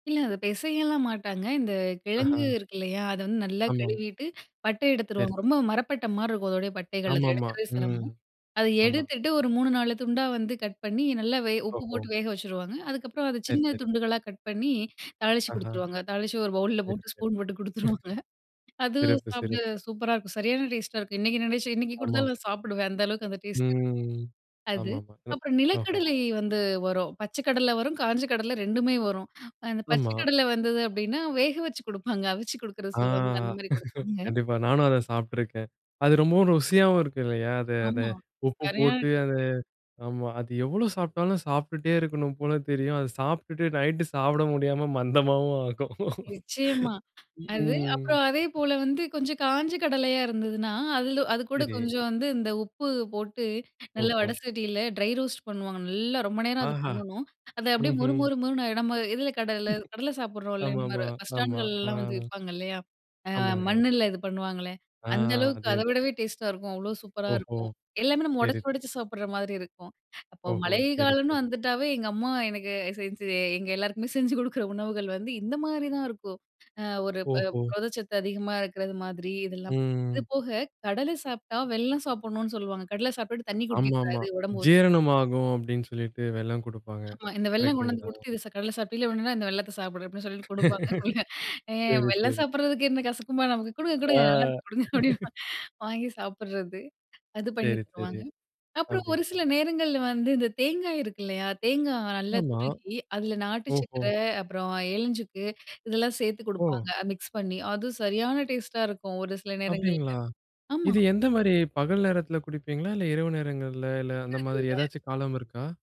இல்ல, அத பெசயலாம் மாட்டாங்க. இந்த கிழங்கு ஆஹா. இருக்கு இல்லையா! அத வந்து நல்லா ஆமா. கழுவிட்டு, பட்ட சரி. எடுத்துருவாங்க. ரொம்ப மரப்பட்ட மாரி இருக்கும் அதோடய பட்டைகள், அத ஆமாமா. எடுக்குறதே ம், சிரமம். அத ஆமா. எடுத்துட்டு, ஒரு 3,4 துண்டா வந்து கட் பண்ணி நல்லா வெ உப்பு ஓஹோ! போட்டு வேக வெச்சிருவாங்க. அதுக்கப்புறம் அதை சரி சின்ன சரி. துண்டுகளா கட் பண்ணி, தாளிச்சு ஆஹ. குடுத்துருவாங்க. தாளிச்சு ஒரு பவுல்ல சரி சரி. போட்டு, ஸ்பூன் போட்டு குடுத்துருவாங்க. அது சிறப்பு சாப்ட சிறப்பு. சூப்பரா இருக்கும், சரியான டேஸ்ட்டா இருக்கும். இன்னைக்கு நினைச்சேன் இன்னைக்கு ஆமாம். குடுத்தாலும் நான் சாப்பிடுவேன். அந்த அளவுக்கு அந்த டேஸ்ட் இருக்கு ம். அது. ஆமாமா, இந்ந அப்புறம் ஓஹோ! நிலக்கடலை வந்து வரும். பச்சை கடல வரும், காஞ்ச கடல 2மே வரும். அ இந்த பச்ச ஆமா. கடல வந்தது அப்டின்னா, வேக வச்சு குடுப்பாங்க, அவிச்சு குடுக்குறது ஆ சொல்லுவாங்கல அந்த மாரி குடுப்பாங்க. கண்டிப்பா. நானும் அத சாப்ட்டுருக்கேன். அது ரொம்பவும் ருசியாவும் இருக்கு இல்லையா? அது அது அந்த ஆமா உப்பு சரியான போட்டு, அந்த டேஸ்ட்டு. ஆமா, அது எவ்வளோ சாப்ட்டாலும் சாப்ட்டுட்டே இருக்கணும் போல தெரியும். அத சாப்ட்டுட்டு, நைட்டு சாப்ட முடியாம மந்தமாவும் ஆகும். நிச்சயமா, அது ம்ஹ்ம். அப்றம் அதே போல வந்து கொஞ்சம் காஞ்ச கடலையா இருந்ததுன்னா, அதுல அதுகூட சரி. கொஞ்சம் வந்து இந்த உப்பு போட்டு நல்லா ஓஹோ! வடசட்டில ட்ரை ரோஸ்ட் பண்ணுவாங்க. நல்லா ரொம்ப நேரம் அது ஆஹா. பண்ணணும். அது அப்டியே மொறு ம்ஹ்ம். மொறு மொறுன்னு ஆயிடும். நம்ம எதுல கடல கடல சாப்டுறோம் இல்லையா? இந்த ஆமாமா. மாரி, பஸ் ஆமா. ஆ, ஸ்டாண்டுகள்லல்லாம் வந்து விப்பாங்க இல்லையா? அ ஆமாங்க. மண்ணுல இது பண்ணுவாங்களே! ஆ அந்த அளவுக்கு அதே தான். அதவிடவே டேஸ்டா இருக்கும். அவ்ளோ சூப்பரா ஓஹோ! இருக்கும். எல்லாமே நம்ம சரி ஒடச்சு ஒடச்சு சாப்டுற மாரி இருக்கும். அப்ப ஓஹோ! மழை சரி காலம்னு சரி. வந்துட்டாவே எங்க அம்மா எனக்கு செஞ்சு எங்க எல்லாருக்குமே செஞ்சு குடுக்ற உணவுகள் வந்து இந்த மாரிதான் இருக்கும். அ ஒரு ப ஓஹோ! புரதச்சத்து அதிகமா இருக்குறது மாதிரி இதெல்லாம். இது ம். போக, கடல சாப்ட்டா வெல்லம் சாப்பிடணும்னு சொல்லுவாங்க. கடலை சாப்ட்டுட்டு தண்ணி ஆமா குடிக்கக் ஆமா. கூடாது. உடம்பு ஒத் ஜீரணமாகும் அப்டின்னு சொல்லிட்டு, வெல்லம் குடுப்பாங்க, ஆமா, இந்த வெல்லம் கொண்டு வந்து கரெக்ட்டுங்களா? குடுத்து "இது சா கடல சாப்ட்டீல்ல! உடனே இந்த வெல்லத்த சாப்பிடு." அப்டின்னு சொல்லிட்டு குடுப்பாங்க அதுபோல. ஆ சரி வெல்லம் சரி. சாப்டுறதுக்கு என்ன கசக்குமா நமக்கு? "குடுங்க ஆ, குடுங்க நல்லா இருக்கும், குடுங்க" அப்டின்னு வாங்கி சாப்டுறது. அது பண்ணீ சரி சரி தருவாங்க. அப்றம் ஒரு அப்டிங்க சில நேரங்கள்ல வந்து இந்த தேங்காய் இருக்கு இல்லையா? தேங்கா நல்லா ஆமா! துருகி, அதுல ஓஹோ! நாட்டுச்சக்கர, அப்றம் ஏலஞ்சுக்கு இதெல்லாம் சேத்து ஓ! குடுப்பாங்க, அ மிக்ஸ் பண்ணீ. அது சரியான டேஸ்ட்டா இருக்கும் ஒரு சில அப்படிங்களா? நேரங்கள்ல. ஆமா இது எந்த மாரி பகல் நேரத்துல குடிப்பீங்களா, இல்ல இரவு நேரங்கள்ல? இல்ல அந்த பிடிக்கிறது மாரி இல்ல. ஏதாச்சும் காலம் இருக்கா?